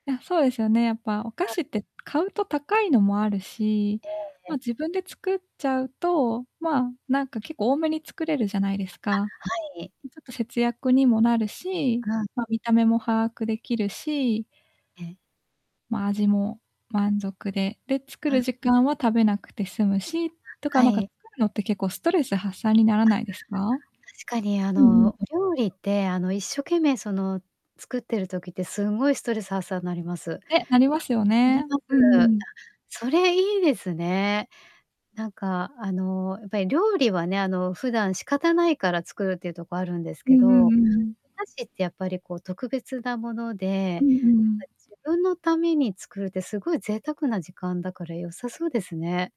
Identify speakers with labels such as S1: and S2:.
S1: いや、そうですよね、やっぱお菓
S2: あ。
S1: 子って買うと高いのもあるし、
S2: ええ
S1: まあ、
S2: え。
S1: 自分で作っちゃうと、まあ、なんか結構多めに作れるじゃないですか。ん
S2: あ、はい。
S1: ちょっと節約にもなるし、
S2: あ。
S1: ま、見た目も把握出来るし、
S2: ええ。
S1: ま、味も満足で、で、作る
S2: あ。
S1: 時間は食べなくて済むし、と
S2: あ、
S1: か
S2: は
S1: なんか
S2: い。
S1: 作るのって結構ストレス発散になら
S2: あ、
S1: ないですか？
S2: 確かにあ
S1: うんうん。
S2: の、お料理って、あの、一生懸命、その、作ってる時ってすんごいストレス発散なります。
S1: ね、なりますよ
S2: なり
S1: ね。
S2: ま
S1: うんう
S2: す。あ、
S1: ん。
S2: それいいですね。なんかあの、やっぱり料理はね、あの普段仕方ないから作るっていうとこあるんです
S1: う
S2: け
S1: んう
S2: ど、
S1: ん
S2: お
S1: うんうん。
S2: 菓子ってやっぱりこう特別なもので、な
S1: う
S2: ん
S1: ん
S2: か
S1: うんうん。
S2: 自分のために作るってすごい贅沢な時間だから良さそうですね。